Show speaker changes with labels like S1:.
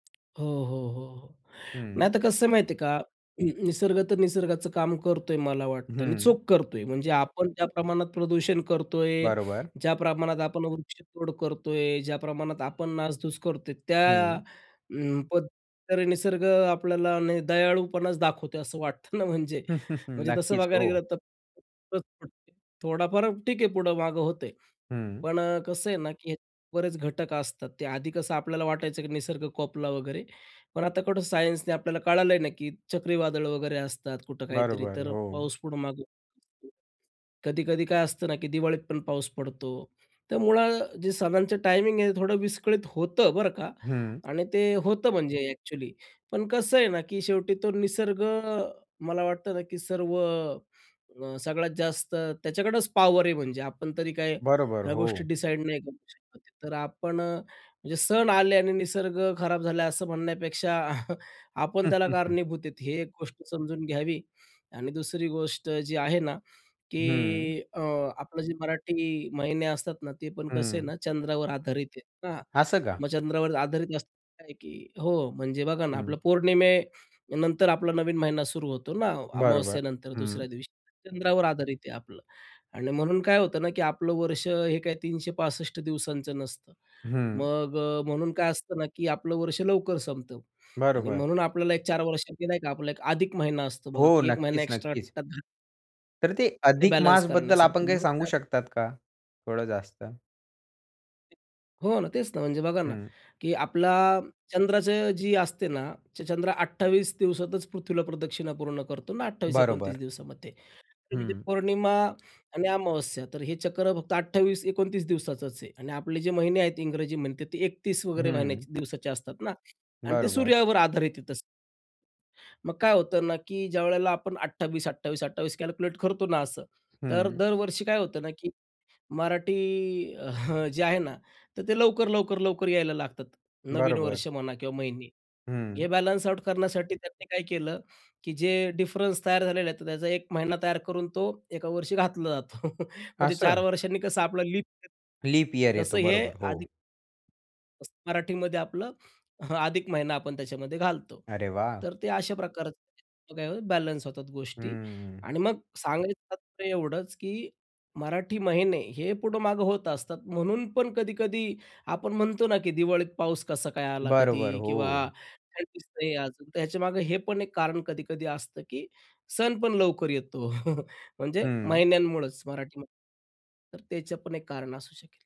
S1: हो, हो, हो, हो, नाही.
S2: हं.
S1: तर कसं आहे माहिती आहे का. हं, नि निसर्ग तर निसर्गाचं काम करतो आहे मला वाटतं आणि
S2: हं.
S1: चोख करतो आहे. म्हणजे आपण ज्या प्रमाणात प्रदूषण करतो आहे,
S2: बरोबर.
S1: ज्या प्रमाणात आपण वृक्षतोड करतो आहे, ज्या प्रमाणात आपण नासधूस करतो आहे, त्या
S2: हं.
S1: अं, पण तरी निसर्ग अ, आपल्याला दयाळूपणाच दाखवतो, असं वाटतं ना म्हणजे, म्हणजे तसं
S2: नक्कीच,
S1: बघायला गेलं
S2: हो.
S1: तर. [unintelligible] थोडाफार ठीक आहे, पुढं मागं होतं आहे,
S2: हं.
S1: पण अ, कसं आहे ना, की बरेच घटक असतात, ते आधी कसं आपल्याला वाटायचं, की निसर्ग कोपला वगैरे, पण आता कुठं सायन्सने आपल्याला कळालं आहे ना, की चक्रीवादळ वगैरे असतात. कुठं काहीतरी,
S2: बरोबर,
S1: तर
S2: हो.
S1: पाऊस पुढे मागे कधी-कधी काय असतं ना, की दिवाळीत पण पाऊस पडतो. तर मुळात जे सणांचं टायमिंग आहे, थोडं विस्कळीत होतं, बरं का,
S2: हं.
S1: आणि ते होतं म्हणजे अ‍ॅक्चुअली, पण कसं आहे ना, की शेवटी तो निसर्ग अ, मला वाटतं ना, की सर्व अ, सगळ्यात जास्त त्याच्याकडंच पॉवर आहे. म्हणजे आपण तरी काय
S2: बरोबर,
S1: ह्या गोष्टी
S2: हो.
S1: डिसाईड नाही करू शकत. तर आपण अ, म्हणजे सण आले आणि निसर्ग खराब झाला असं म्हणण्यापेक्षा, आपण त्याला कारणीभूत आहेत, हे एक गोष्ट समजून घ्यावी आणि दुसरी गोष्ट जी आहे ना,
S2: हं.
S1: की अ, आपलं जे मराठी महिने असतात ना, ते पण कसं आहे
S2: हं.
S1: ना, चंद्रावर आधारित आहे ना.
S2: असं का?
S1: मग चंद्रावर आधारित अस आहे की हो, म्हणजे बघा ना, आपलं
S2: हं.
S1: पौर्णिमेनंतर आपला नवीन महिना सुरू होतो ना,
S2: बरोबर,
S1: अमावास्येनंतर
S2: हं.
S1: दुसऱ्या दिवशी. चंद्रावर आधारित आहे आपलं आणि म्हणून काय होतं ना, की आपलं वर्ष हे काय 365 दिवसांचं नसतं.
S2: हं.
S1: मग अ, म्हणून काय असतं ना, की आपलं वर्ष लवकर संपतं आणि
S2: बरोबर.
S1: म्हणून आपल्याला एक 4 वर्षांनी नाही का, आपला एक अधिक महिना असतो बघा,
S2: हो,
S1: की एक महिना
S2: नक्कीच,
S1: एक्स्ट्रा.
S2: नक्कीच.
S1: [unintelligible]
S2: तर ते
S1: ते
S2: अधिक
S1: बॅलन्स
S2: मासबद्दल
S1: करण्यासाठी.
S2: आपण काही
S1: म्हणून
S2: सांगू
S1: त्यात
S2: शकतात का, थोडं जास्त?
S1: हो ना, तेच ना, म्हणजे बघा ना,
S2: हं.
S1: की आपला चंद्राचं जी असते ना, चंद्र 28 दिवसातच पृथ्वीला प्रदक्षिणा पूर्ण करतो ना. 28-29
S2: बरोबर.
S1: दिवसामध्ये. ते म्हणजे
S2: हं.
S1: पौर्णिमा आणि अमावस्या. तर हे चक्र फक्त 28-29 दिवसाचंच आहे आणि आपले जे महिने आहेत इंग्रजी महिने, ते 31 वगैरे महिन्याचे,
S2: हं.
S1: दिवसाचे असतात ना आणि ते
S2: बरोबर.
S1: सूर्यावर आधारित आहे तसं. मग काय होतं ना, की ज्यावेळेला आपण 28-28-28 कॅल्क्युलेट करतो ना असं, तर
S2: हं.
S1: दरवर्षी काय होतं ना, की मराठी अ, जे आहे ना, तर ते लवकर, लवकर, लवकर यायला लागतात, नवीन
S2: बरोबर.
S1: वर्ष म्हणा किंवा महिने. हे
S2: हं.
S1: बॅलन्स आउट करण्यासाठी त्यांनी काय केलं, की जे डिफरन्स तयार झालेले आहेत, तर त्याचा 1 महिना तयार करून तो एका वर्षी घातला जातो. म्हणजे 4
S2: असं?
S1: वर्षांनी कसं आपला लिप येतो.
S2: लीप इयर
S1: तसं
S2: येतो.
S1: हे
S2: बरोबर, हो.
S1: अधिक तसं मराठीमध्ये आपलं, अधिक महिना आपण त्याच्यामध्ये घालतो,
S2: अरे वाह!
S1: तर ते अशा प्रकारचे काय होतं बॅलन्स होतात गोष्टी
S2: हम्म.
S1: आणि मग सांगायचं तात्पर्य एवढंच, की मराठी महिने हे पुढं-मागं होत असतात. म्हणून पण कधी-कधी आपण म्हणतो ना; की दिवाळीत पाऊस कसा काय आला कधी?
S2: बरोबर,
S1: किंवा
S2: हो.
S1: [unintelligible] नाही तर ह्याच्यामागे हे पण एक कारण कधी-कधी असतं, की सण पण लवकर येतो. म्हणजे
S2: हं.
S1: महिन्यांमुळेच मराठीमध्ये, तर त्याचं पण एक कारण असू शकेल.